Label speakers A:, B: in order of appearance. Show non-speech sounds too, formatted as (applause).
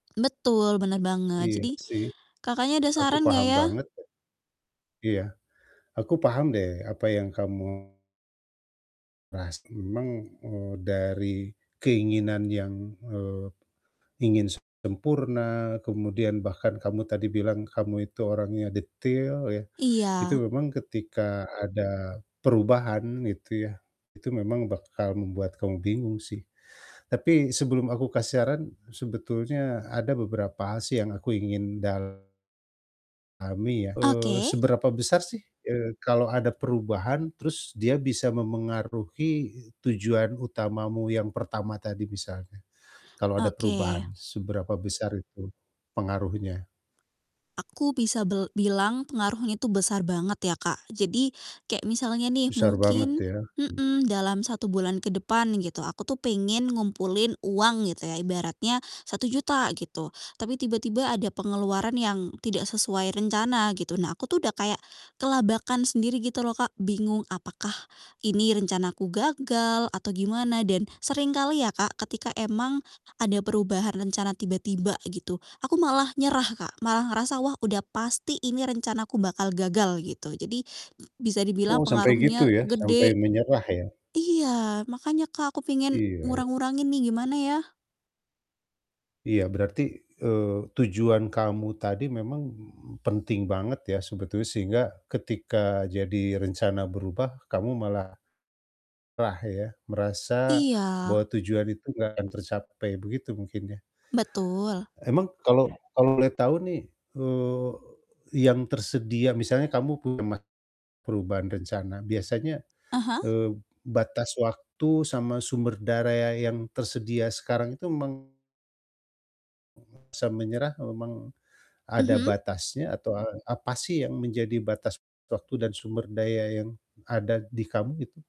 A: Betul, benar banget.
B: Iya
A: Jadi
B: sih,
A: Kakaknya, ada
B: aku
A: saran enggak
B: paham
A: ya?
B: banget loh. Iya, aku paham deh apa yang kamu pasti memang, eee, dari keinginan yang, eee, ingin sempurna kemudian bahkan kamu tadi bilang, kamu itu orangnya detail ya. Itu
A: Iya.
B: memang ketika ada perubahan itu ya, itu memang bakal membuat kamu bingung sih. Tapi sebelum aku kasih saran, sebetulnya ada beberapa hal sih yang aku ingin dalami ya, eee,
A: Oke.
B: seberapa besar sih, eee, kalau ada perubahan terus dia bisa memengaruhi, e tujuan utamamu yang pertama tadi misalnya, kalau ada
A: Oke.
B: perubahan seberapa besar itu pengaruhnya?
A: Aku bisa bel bilang pengaruhnya itu besar banget ya, Kak. Jadi kayak misalnya nih
B: Besar banget
A: mungkin
B: ya. Mhm.
A: mhm, dalam 1 bulan ke depan gitu, aku tuh pengen ngumpulin uang gitu ya ibaratnya Rp1.000.000 gitu. Tapi tiba-tiba ada pengeluaran yang tidak sesuai rencana gitu. Nah, aku tuh udah kayak kelabakan sendiri gitu loh, Kak. Bingung apakah ini rencanaku gagal atau gimana dan seringkali ya Kak, ketika emang ada perubahan rencana tiba-tiba gitu, aku malah nyerah, Kak. Malah ngerasa, "Wah udah pasti ini rencanaku bakal gagal," gitu. Jadi, bisa dibilang
B: Oh, sampai gitu
A: pengaruhnya
B: ya, sampai
A: gede
B: menyerah ya?
A: iya, makanya Kak, aku pengen
B: Iya.
A: ngurang-ngurangin nih, gimana ya?
B: Iya, berarti, eee, tujuan kamu tadi memang penting banget ya sebetulnya sehingga ketika jadi rencana berubah kamu malah nyerah ya, merasa
A: Iya.
B: bahwa tujuan itu nggak akan tercapai, begitu mungkin ya?
A: Betul.
B: Emang kalau kalau boleh tahu nih, eee, yang tersedia misalnya kamu pernah perubahan rencana biasanya,
A: Ah hah?
B: eee, batas waktu sama sumber daya yang tersedia sekarang itu meng (unintelligible) sampai menyerah memang, ada
A: Mhm?
B: batasnya atau, eee, apa sih yang menjadi batas waktu dan sumber daya yang ada di kamu itu?